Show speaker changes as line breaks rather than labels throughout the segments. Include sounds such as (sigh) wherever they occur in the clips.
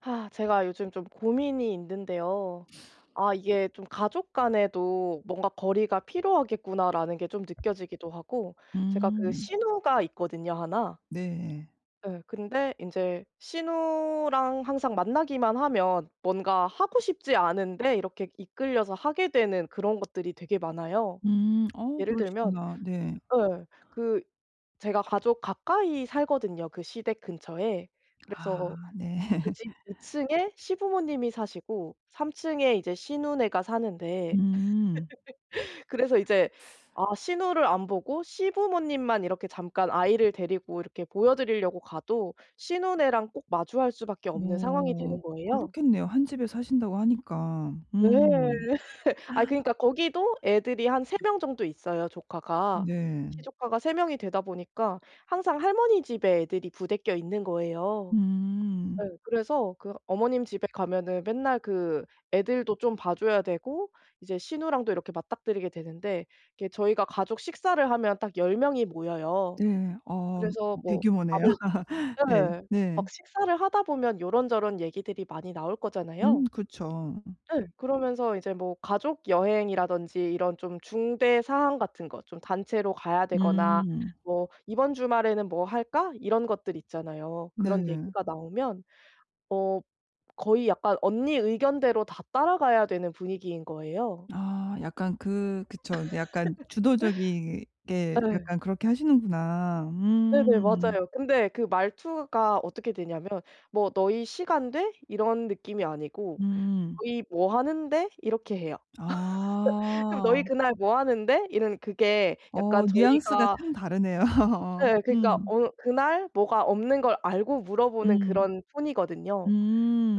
아 제가 요즘 좀 고민이 있는데요. 아 이게 좀 '가족 간에도 뭔가 거리가 필요하겠구나.'라는 게 좀 느껴지기도 하고 제가 그
음.
시누가 있거든요, 1.
네.
예. 근데 인제 시누랑 항상 만나기만 하면 뭔가 하고 싶지 않은데 이렇게 이끌려서 하게 되는 그런 것들이 되게 많아요.
음 어
예를 들면
그러시구나. 네.
예, 그 제가 가족 가까이 살거든요, 그 시댁 근처에. 그래서
아 네.
그 집 2 층에 시부모님이 사시고 3 층에 이제 시누네가 사는데.
음. (laughs)
(laughs) 그래서 이제 아 시누를 안 보고 시부모님만 이렇게 잠깐 아이를 데리고 이렇게 보여 드리려고 가도 시누네랑 꼭 마주할 수밖에 없는 상황이
뭐
되는 거예요.
그렇겠네요. 1 집에 사신다고 하니까.
네.
음. (gasps)
(laughs) 아이 그러니까 거기도 애들이 한 3 명 정도 있어요, 조카가.
네.
시조카가 3 명이 되다 보니까 항상 할머니 집에 애들이 부대껴 있는 거예요.
음.
예. 그래서 그 어머님 집에 가면은 맨날 그 애들도 좀 봐 줘야 되고 이제 시누랑도 이렇게 맞닥뜨리게 되는데. 이게 저희가 가족 식사를 하면 딱 10 명이 모여요.
네. 어
그래서 뭐
대규모네요.
밥을
(laughs) 네.
예, 막
네.
식사를 하다 보면 요런저런 얘기들이 많이 나올 거잖아요.
음. 그쵸.
예. 그러면서 이제 뭐 가족 여행이라든지 이런 좀 중대 사항 같은 거 좀 단체로 가야 되거나
음.
뭐 "이번 주말에는 뭐 할까?" 이런 것들 있잖아요. 그런
네.
얘기가 나오면 어 거의 약간 언니 의견대로 다 따라가야 되는 분위기인 거예요.
아 약간 그 그쵸. 이제 약간
(laughs)
주도적이게
예.
약간 그렇게 하시는구나.
네네.
음.
맞아요. 근데 그 말투가 어떻게 되냐면 뭐 "너희 시간 돼?" 이런 느낌이 아니고
음.
"너희 뭐 하는데?" 이렇게 해요. (laughs) 그럼 "너희
아.
그날 뭐 하는데?" 이런 그게
어,
약간
뉘앙스가
저희가
참 다르네요. 어.
예. 그러니까
음.
어 그날 뭐가 없는 걸 알고 물어보는
음.
그런 톤이거든요.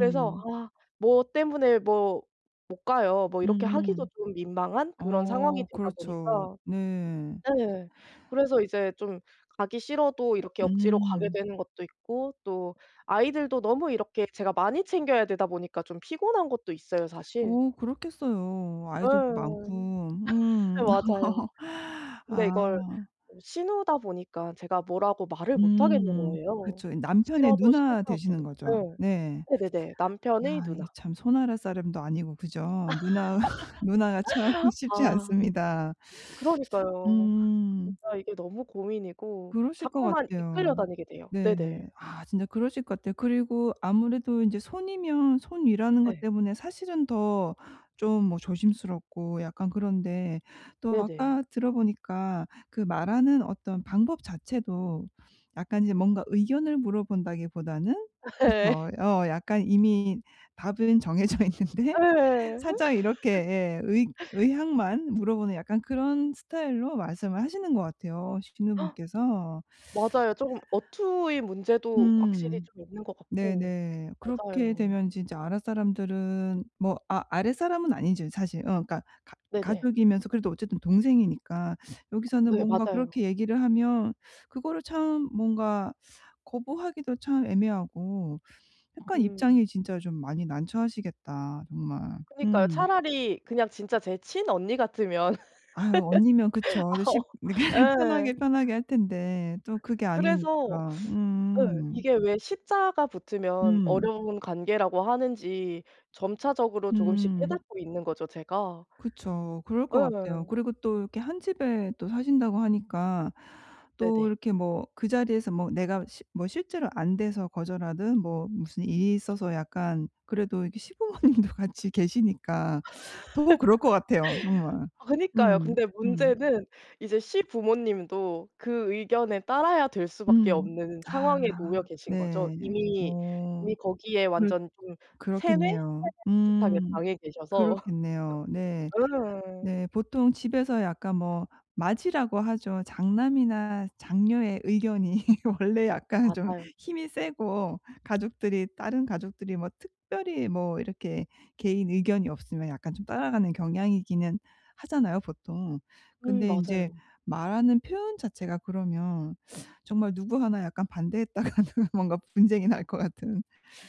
그래서 아 "뭐 때문에 뭐 못 가요." 뭐 이렇게 하기도
음.
좀 민망한 그런 상황이
어,
되다
그렇죠.
보니까
네.
예, 그래서 이제 좀 가기 싫어도 이렇게 억지로 가게
음.
되는것도 있고 또 아이들도 너무 이렇게 제가 많이 챙겨야 되다 보니까 좀 피곤한것도 있어요 사실.
어 그렇겠어요,
예.
아이들도
(laughs)
많고. 음.
맞아요.
(laughs)
근데 이걸
아.
어 시누다 보니까 제가 뭐라고 말을 못하겠는
음
거예요,
그쵸. 이 남편의
싫어도
누나 되시는
싫다고.
거죠.
네.
네.
네네네. 남편의
아 이게
누나.
참 손아랫사람도 아니고 그죠? 누나 (laughs) 누나가 참
(laughs)
쉽지
아.
않습니다.
그러니까요.
음.
진짜 이게 너무 고민이고
그러실 것
자꾸만
같아요.
이끌려 다니게 돼요.
네.
네네.
아, 진짜 그러실 것 같아요. 그리고 아무래도 인제 손위면 손위라는 것
네.
때문에 사실은 더 좀 뭐 조심스럽고 약간 그런데. 또
네네.
아까 들어보니까 그 말하는 어떤 방법 자체도 약간 이제 뭔가 의견을 물어본다기 보다는
(laughs) 예.
그쵸. 어 약간 이미 답은 정해져 있는데
예.
살짝 이렇게 예, 의
(laughs)
의향만 물어보는 약간 그런 스타일로 말씀을 하시는 것 같아요, 시누분께서.
(gasps) 맞아요. 조금 어투의 문제도 확실히
음.
좀 있는 것 같고.
네네. 그렇게
맞아요.
되면 진짜 아랫사람들은 뭐 아 아랫사람은 아니죠 사실. 어 그러니까 가
네네.
가족이면서 그래도 어쨌든 동생이니까 (sucks teeth)
어
여기서는
네,
뭔가
맞아요.
그렇게 얘기를 하면 그거를 참 뭔가 거부하기도 참 애매하고 약간
음.
입장이 진짜 좀 많이 난처하시겠다, 정말.
그니까요.
음.
차라리 그냥 진짜 제 친언니 같으면
아유, 언니면
(laughs)
그쵸. 더
아
쉽
어
(laughs) 편하게
예.
편하게 할 텐데 또 그게
그래서
아니니까.
예
음.
이게 왜 시 자가 붙으면
음.
어려운 관계라고 하는지 점차적으로 조금씩
음.
깨닫고 있는 거죠, 제가.
그쵸. 그럴 것 같아요.
예.
그리고 또 이렇게 1 집에 또 사신다고 하니까 또
네네.
이렇게 뭐 그 자리에서 뭐 내가 시 뭐 실제로 안 돼서 거절하든 뭐 무슨 일이 있어서 약간 그래도 이렇게 시부모님도 같이 계시니까 더 그럴 것 같아요
(laughs)
정말.
아 그니까요.
음
근데
음.
문제는 이제 시부모님도 그 의견에 따라야 될 수밖에
음.
없는
아.
상황에 놓여 계신 거죠.
네.
이미
어.
이미 거기에
그렇
완전 좀 세뇌? 세뇌
그렇겠네요.
비슷하게
음.
당해 계셔서.
그렇겠네요. 네.
(laughs) 예.
네. 보통 집에서 약간 뭐 맏이라고 하죠. 장남이나 장녀의 의견이 (laughs) 원래 약간 좀
맞아요.
힘이 세고 가족들이 다른 가족들이 뭐 특별히 뭐 이렇게 개인 의견이 없으면 약간 좀 따라가는 경향이기는 하잖아요, 보통.
음
근데 인제
맞아요.
말하는 표현 자체가 그러면 (sucks teeth) 정말 누구 1 약간 반대했다가는 뭔가 분쟁이 날 것 같은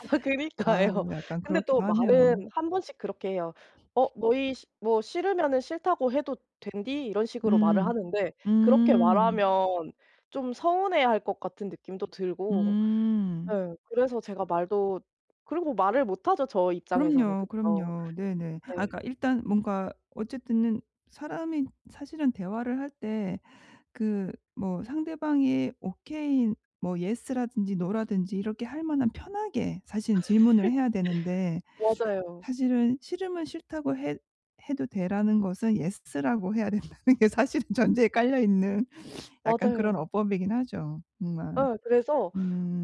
아
아유,
그니까요.
약간
근데 또
그렇기도 하네요.
말은 1 번씩 그렇게 해요. "어 너희 시 뭐 싫으면은 싫다고 해도 된디." 이런 식으로 말을
음.
하는데 그렇게
음.
말하면 좀 서운해할 것 같은 느낌도 들고
음.
예 그래서 제가 말도 그리고 말을 못하죠 저 입장에서는,
그럼요,
그쵸.
그럼요. 네네. 아
네.
그러니까 일단 뭔가 어쨌든 는 사람이 사실은 대화를 할 때 그 뭐 상대방이 오케이 뭐 예스 라든지 노 라든지 이렇게 할 만한 편하게 사실은
(laughs)
질문을 해야 되는데.
맞아요.
사실은 "싫으면 싫다고 해 해도 돼."라는 것은 예스 라고 해야 된다는 게 사실은 전제에 깔려 있는 약간 그런
맞아요.
어법이긴 하죠, 정말.
예. 그래서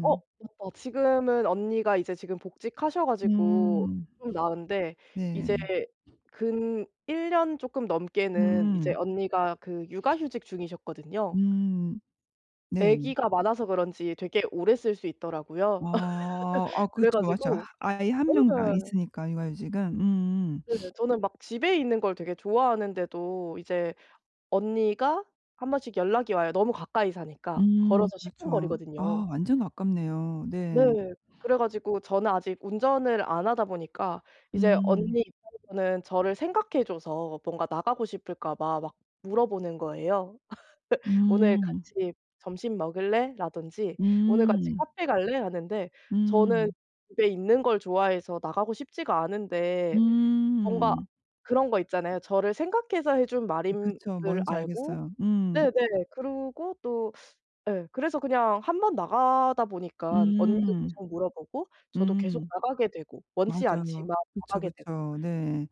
어 맞다. 지금은 언니가 이제 지금 복직하셔 가지고
음.
좀 나은데
네.
이제 근 1 년 조금 넘게는 이제
음.
언니가 그 육아휴직 중이셨거든요.
음. 네네.
애기가 많아서 그런지 되게 오래 쓸 수 있더라고요.
어, 아
(laughs) 그래
그쵸. 맞죠.
가지고
아이 1 명당
예.
있으니까 육아 휴직은 음음.
네.
(sniffs)
저는 막 집에 있는 걸 되게 좋아하는데도 이제 언니가 1 번씩 연락이 와요, 너무 가까이 사니까.
음.
걸어서 10 분
그렇죠. 아,
거리거든요.
완전 가깝네요. 네.
네. 그래 가지고 저는 아직 운전을 안 하다 보니까 이제
음.
언니 입장에서는 저를 생각해 줘서 뭔가 나가고 싶을까 봐 막 물어보는 거예요. (laughs) "오늘
음.
같이 점심 먹을래?"라든지 "오늘 같이
음.
카페 갈래?" 하는데 저는
음.
집에 있는 걸 좋아해서 나가고 싶지가 않은데. 뭔가
음.
그런 거 있잖아요. 저를 생각해서 해 준
이
말인
그쵸.
줄
뭔지
알고
알겠어요. 음.
네네, 그러고 또 예. 그래서 그냥 1 번 나가다 보니까 언니도
음.
계속 물어보고 저도 계속
음.
나가게 되고 원치
맞아요.
않지만
그쵸,
나가게 되고.
그쵸. 네.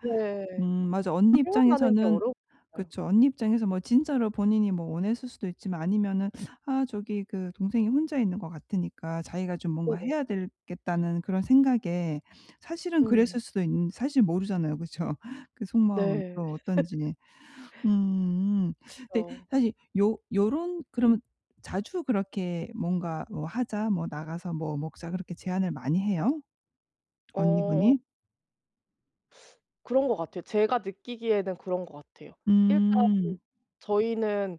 음
네.
맞아. 언니
표현하는 게
입장에서는
어려운 것 같아요.
그쵸. 언니 입장에서 뭐 진짜로 본인이 뭐 원했을 수도 있지만 아니면은 (sucks teeth) '아 저기 그 동생이 혼자 있는 것 같으니까 자기가 좀 뭔가
네네.
해야 되겠다.'는 그런 생각에 사실은 그랬을
음.
수도 있는 사실 모르잖아요, 그쵸? 그 속마음은
네.
또
(laughs)
어떤지. 음. 근데
그쵸.
사실 요 요런 그러면 자주 그렇게 뭔가 어 "하자." 뭐 "나가서 뭐 먹자." 그렇게 제안을 많이 해요?
어.
언니분이?
그런 것 같아요. 제가 느끼기에는 그런 것 같아요. 일단
음.
저희는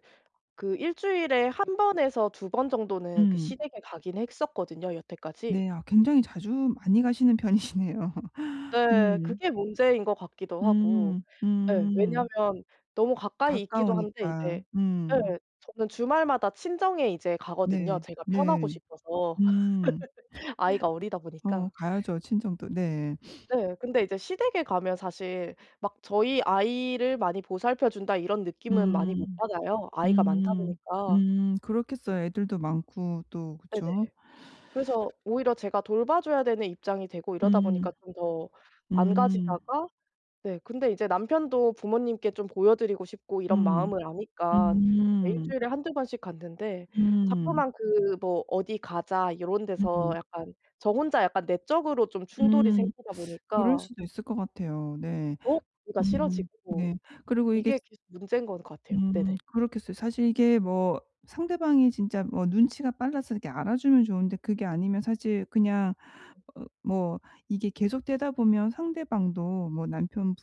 그 1 주일에 1 번에서 2 번 정도는 그
음.
시댁에 가긴 했었거든요 여태까지.
네. 아 굉장히 자주 많이 가시는 편이시네요. (laughs)
네.
음.
그게 문제인 것 같기도 하고.
음.
예.
음.
왜냐하면 너무 가까이 있기도 한데 이제
가까우니까. 음.
예 저는 주말마다 친정에 이제 가거든요,
네.
제가 편하고
네.
싶어서.
음.
(laughs) 아이가 어리다
(laughs) 어.
보니까.
가야죠 친정도. 네. (sniffs)
네. 근데 이제 시댁에 가면 사실 막 '저희 아이를 많이 보살펴 준다.' 이런 느낌은 많이 못
음.
받아요, 아이가 많다
음.
보니까.
음. 그렇겠어요. 애들도 많고 또
네네.
그쵸.
그래서 오히려 제가 돌봐줘야 되는 입장이 되고 이러다 보니까
음.
좀 더 안
음.
가지다가 네 근데 이제 남편도 부모님께 좀 보여 드리고 싶고 이런
음.
마음을 아니까 이제 1
음.
주일에 1-2 번씩 갔는데
음.
자꾸만 그 뭐 "어디 가자." 요런 데서
음.
약간 저 혼자 약간 내적으로 좀 충돌이
음.
생기다
(sucks teeth) 그럴
보니까
수도 있을 것 같아요. 네.
더 가기가
음.
싫어지고
네. 그리고 이게 지
이게 계속 문제인 것 같아요.
음
네네.
그렇겠어요. 사실 이게 뭐 상대방이 진짜 뭐 눈치가 빨라서 이렇게 알아주면 좋은데 그게 아니면 사실 그냥
예.
어 뭐 이게 계속되다 보면 상대방도 뭐 남편분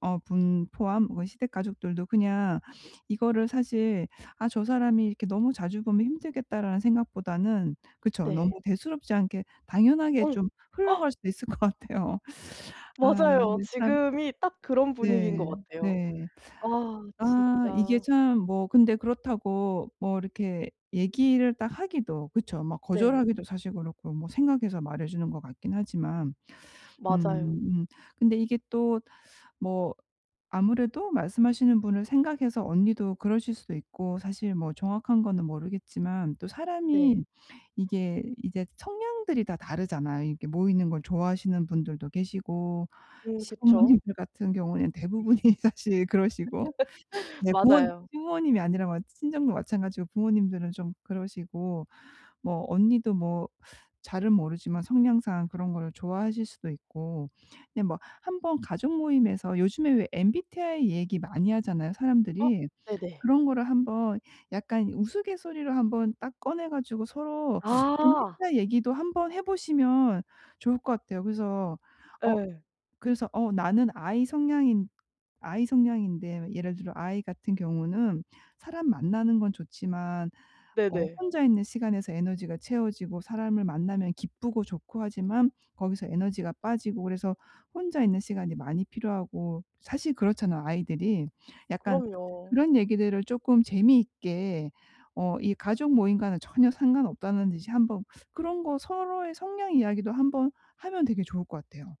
어 분 포함 뭐 시댁 가족들도 그냥 이거를 사실 '아 저 사람이 이렇게 너무 자주 보면 힘들겠다.'라는 생각보다는 그쵸 너무
네.
대수롭지 않게 당연하게
음.
좀 흘러갈
(gasps)
수도 있을 것 같아요. 아
맞아요.
근데 참
지금이 딱 그런 분위기인 것
네.
같아요.
네.
아
아. 이게
진짜.
참 뭐 근데 그렇다고 뭐 이렇게 얘기를 딱 하기도 그쵸. 뭐
네.
거절하기도 사실 그렇고 뭐 생각해서 말해 주는 것 같긴 하지만. 음.
맞아요.
음. 근데 이게 또 뭐 아무래도 말씀하시는 분을 생각해서 언니도 그러실 수도 있고 사실 뭐 정확한 거는 모르겠지만 또 사람이
네.
이게 이제 성향들이 다 다르잖아요. 이렇게 모이는 걸 좋아하시는 분들도 계시고
음. 그쵸.
시부모님들 같은 경우엔
(laughs)
대부분이 사실 그러시고. 네 부모
맞아요.
시부모님이 아니라 친정도 마찬가지고 부모님들은 좀 그러시고 뭐 언니도 뭐 잘은 모르지만 성향상 그런 거를 좋아하실 수도 있고. 예. 뭐 한번 가족 모임에서 요즘에 왜 MBTI 얘기 많이 하잖아요
어.
사람들이.
네네.
그런 거를 한번 약간 우스갯소리로 한번 딱 꺼내 가지고 서로
아.
MBTI 얘기도 한번 해 보시면 좋을 것 같아요. 그래서 어
예.
그래서 어 나는 I 성향인 I 성향인데 예를 들어 I 같은 경우는 사람 만나는 건 좋지만 어
네네.
혼자 있는 시간에서 에너지가 채워지고 사람을 만나면 기쁘고 좋고 하지만 거기서 에너지가 빠지고 그래서 혼자 있는 시간이 많이 필요하고 사실 그렇잖아요 I들이. 약간
그럼요.
그런 얘기들을 쪼끔 재미있게 어 이 가족 모임과는 전혀 상관없다는 듯이 한번 그런 거 서로의 성향 이야기도 한번 하면 되게 좋을 것 같아요.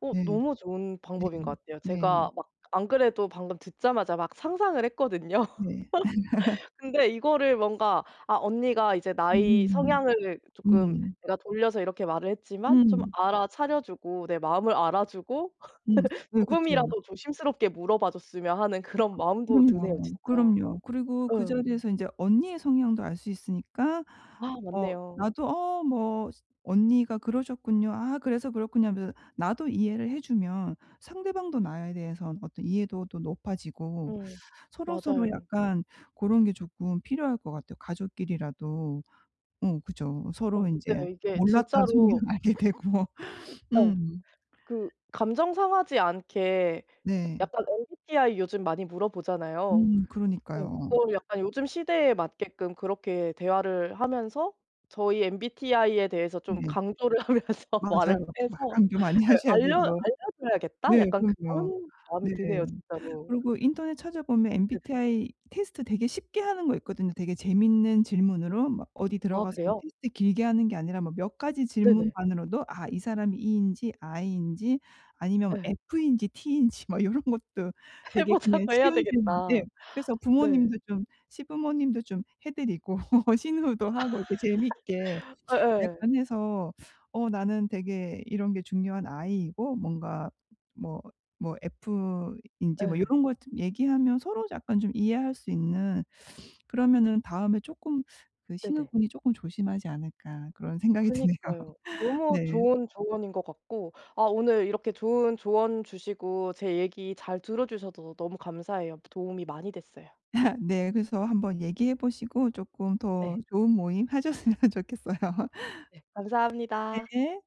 어.
네.
너무 좋은
네.
방법인 것 같아요.
네.
제가 막 안 그래도 방금 듣자마자 막 상상을 했거든요.
네.
(laughs)
(laughs)
근데 이거를 뭔가 '아 언니가 이제 나의
음.
성향을 쪼끔
음.
내가 돌려서 이렇게 말을 했지만 좀
음.
알아차려 주고 내 마음을 알아주고
음.
(laughs)
네. 그쵸.
조금이라도 조심스럽게 물어봐 줬으면.' 하는 그런
그
마음도 드네요
그럼요.
진짜.
그럼요. 그리고 그
예.
자리에서 인제 언니의 성향도 알 수 있으니까
아
어
맞네요.
나도 '어 뭐 스 언니가 그러셨군요. 아 그래서 그렇군요.' 하면서 나도 이해를 해 주면 상대방도 나에 대해서 어떤 이해도도 높아지고
음.
서로서로
맞아요.
약간 고런 게 조금 필요할 것 같아요, 가족끼리라도. 어 그죠. 서로
어.
인제
네. 이게
몰랐던 성향
진짜로
알게 되고.
예.
음.
그 감정 상하지 않게 사
네.
약간 MBTI 요즘 많이 물어보잖아요.
음.
예.
그러니까요.
그거를 약간 요즘 시대에 맞게끔 그렇게 대화를 하면서 '저의 MBTI에 대해서 좀
네.
강조를 하면서 말을
맞아요. 막
해서
강조 많이
예
하셔야
알려
되고.
알려줘야겠다.'
네.
약간
그럼요.
그런 마음이
네.
드네요 진짜로.
그리고 인터넷 찾아보면
네네.
MBTI 테스트 되게 쉽게 하는 거 있거든요, 되게 재밌는 질문으로. 막 어디
아.
들어가서
그래요?
테스트 길게 하는 게 아니라 뭐 몇 가지
네네.
질문만으로도 아 이 사람이 E인지 I인지 아니면
예.
F인지 T인지 막 요런 것도
해
되게 그냥
보자고 해야
쉬운 질문 예
되겠다.
그래서
네.
부모님도 좀 시부모님도 좀 해 드리고 (laughs) 시누도 하고 이렇게 재미있게
(laughs) 예예.
약간 해서 어 나는 되게 이런 게 중요한 I이고 뭔가 뭐 뭐 F인지 뭐
예.
요런 거 좀 얘기하면 서로 약간 좀 이해할 수 있는 그러면은 다음에 쪼끔 그
네네.
'시누분이 쪼끔 조심하지 않을까.' 그런 생각이 드네요.
그니까요.
(laughs)
너무
네.
좋은 조언인 것 같고 아 오늘 이렇게 좋은 조언 주시고 제 얘기 잘 들어주셔서 너무 감사해요. 도움이 많이 됐어요.
(laughs) 네. 그래서 한번 얘기해 보시고 쪼끔 더
네.
좋은 모임 하셨으면 좋겠어요. (laughs)
네. 감사합니다.
네.